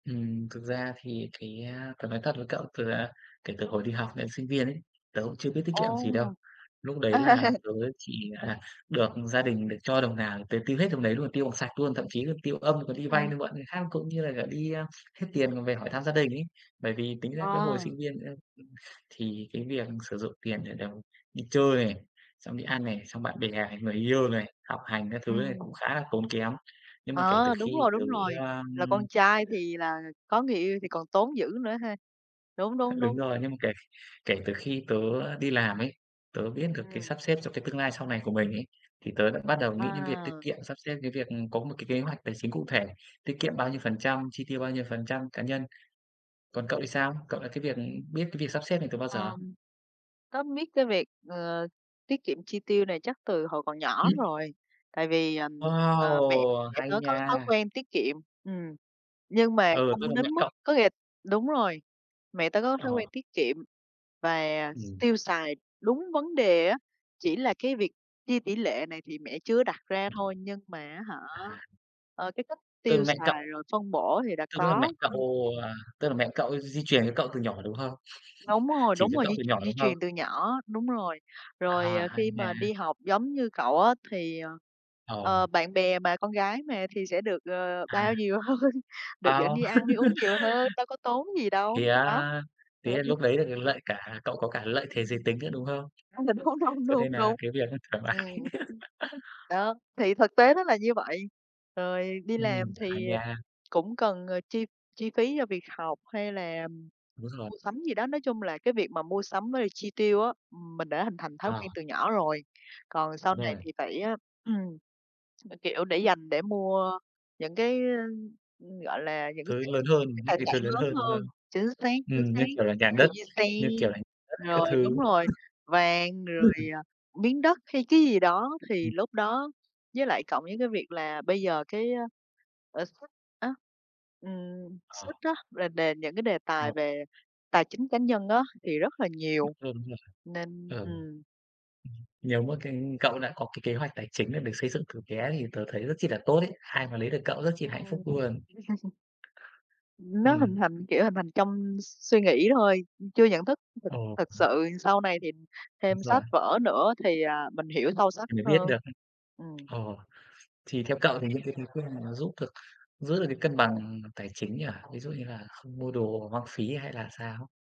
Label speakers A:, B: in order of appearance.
A: Ừm, thực ra thì cái, a, tớ nói thật với cậu từ, à, kể từ hồi đi học đến sinh viên ấy, tớ cũng chưa biết tiết kiệm
B: Ồ!
A: gì đâu. Lúc đấy là tớ chỉ là được gia đình được cho đồng nào, tớ tiêu hết đồng đấy luôn, tiêu bằng sạch luôn, thậm chí tiêu âm, còn đi vay,
B: Ừm.
A: đi mượn người khác, cũng như là cả đi hết tiền còn về hỏi thăm gia đình ấy. Bởi vì tính ra cái hồi
B: Ờ.
A: sinh viên ấy, ưm, thì cái việc sử dụng tiền để được đi chơi này, xong đi ăn này, xong bạn bè, người yêu này, học hành các thứ này cũng
B: Ừm.
A: khá là tốn kém. Nhưng mà kể từ
B: Ờ, đúng
A: khi
B: rồi,
A: tớ,
B: đúng rồi,
A: a,
B: là
A: ưm
B: con trai thì là có người yêu thì còn tốn dữ nữa ha. Đúng, đúng,
A: Đúng
B: đúng.
A: rồi, nhưng mà kể kể từ khi tớ đi làm ấy, tớ biết được cái
B: Ừm.
A: sắp xếp cho cái tương lai sau này của mình ấy, thì tớ đã bắt đầu nghĩ đến việc tiết
B: Wow!
A: kiệm, sắp xếp cái việc, ừm, có một cái kế hoạch tài chính cụ thể, tiết kiệm bao nhiêu phần trăm, chi tiêu bao nhiêu phần trăm, cá nhân. Còn cậu thì sao? Cậu là cái việc biết cái việc sắp xếp này từ bao giờ?
B: Ờm, tớ biết cái việc, ờ, tiết kiệm chi tiêu này chắc từ hồi còn nhỏ rồi. Tại vì, ờ, mẹ
A: Wow,
B: mẹ
A: hay
B: tớ có thói
A: nha!
B: quen tiết kiệm, ừm, nhưng mà
A: Ừ, tức
B: không
A: là mẹ
B: đến mức
A: cậu
B: có nghĩa là đúng rồi, mẹ tớ có thói quen
A: Ờ.
B: tiết kiệm và
A: Ừm.
B: tiêu xài đúng vấn đề á, chỉ là cái việc chia tỷ lệ này thì mẹ chưa đặt ra
A: Ừm.
B: thôi, nhưng mà, á hả,
A: À!
B: ờ, cái cách
A: Từ
B: tiêu
A: mẹ cậu?
B: xài rồi phân bổ thì đã
A: Tức là mẹ
B: có.
A: cậu,
B: Ưm, ừm.
A: à, tức là mẹ cậu d di truyền cho cậu từ nhỏ, đúng không?
B: Đúng rồi,
A: Chỉ
B: đúng
A: cho
B: rồi,
A: cậu
B: di
A: từ nhỏ,
B: di
A: đúng không?
B: truyền từ nhỏ, đúng rồi. Rồi,
A: À,
B: ờ,
A: hay
B: khi mà
A: nha!
B: đi học giống như cậu á, thì, ờ,
A: Ờ.
B: ờ, bạn bè mà, con gái mà thì sẽ được, ờ,
A: À.
B: bao nhiều hơn, được dẫn
A: Wow!
B: đi ăn đi uống nhiều hơn, đâu có tốn gì đâu.
A: Thế
B: Đó.
A: á,
B: Đó,
A: thế là
B: ừm.
A: lúc đấy là cái lợi cả cậu có cả lợi thế giới tính nữa, đúng không?
B: Trong tình huống hông
A: Cho nên
B: đúng,
A: là
B: đúng.
A: cái việc nó thoải
B: Ừm,
A: mái.
B: ừm. Đó, thì thực tế nó là như vậy, rồi đi làm
A: Ừm, hay
B: thì, ờ,
A: nha.
B: cũng cần, ờ, chi chi phí cho việc học hay là
A: Đúng rồi.
B: mua sắm gì đó, nói chung là cái việc mà mua sắm với chi tiêu á, ừm, mình đã hình thành thói
A: Ờ.
B: quen từ nhỏ rồi. Còn sau này
A: Rồi.
B: thì phải, ờ, kiểu, để dành để mua những cái, ơ, ưm, gọi là, những cái,
A: Thứ
B: kiểu,
A: lớn hơn,
B: cái
A: những
B: tài
A: cái
B: sản
A: thứ lớn
B: lớn
A: hơn, đúng không?
B: hơn. Chính xác, chính
A: Ừm,
B: xác,
A: như kiểu là, nhà đất,
B: ví dụ như xe,
A: như kiểu là, nhà đất các
B: rồi đúng
A: thứ.
B: rồi, vàng, rồi,
A: [unintelligible]
B: ờ, miếng đất hay cái gì đó, thì
A: Ừm.
B: lúc đó với lại cộng với cái việc là bây giờ cái, a, lãi suất á, ừm,
A: Ờ.
B: suất á, rồi đền những cái đề tài
A: Ờ.
B: về tài chính cá nhân á, thì rất là
A: Lớn
B: nhiều.
A: hơn, đúng rồi.
B: Nên
A: Ờ. Ừm,
B: ừm.
A: nếu mà cái cậu đã có cái kế hoạch tài chính được xây dựng từ bé thì tớ thấy rất chi là tốt ấy, ai mà lấy được cậu rất chi là hạnh phúc
B: Ờ.
A: luôn.
B: Ừm, nó
A: Ừm.
B: hình thành, kiểu, hình thành trong s suy nghĩ thôi, ưm, chưa nhận thức thực
A: Ờ, ừm.
B: thực sự. Sau này thì
A: Đúng
B: thêm
A: rồi.
B: sách vở nữa thì, à, mình hiểu sâu sắc
A: Thì mới biết
B: hơn.
A: được.
B: Ừm.
A: Ờ, thì theo cậu thì những cái bí quyết mà nó giúp được, giữ được cái cân bằng tài chính nhỉ? Ví dụ như là không mua đồ hoang phí hay là sao?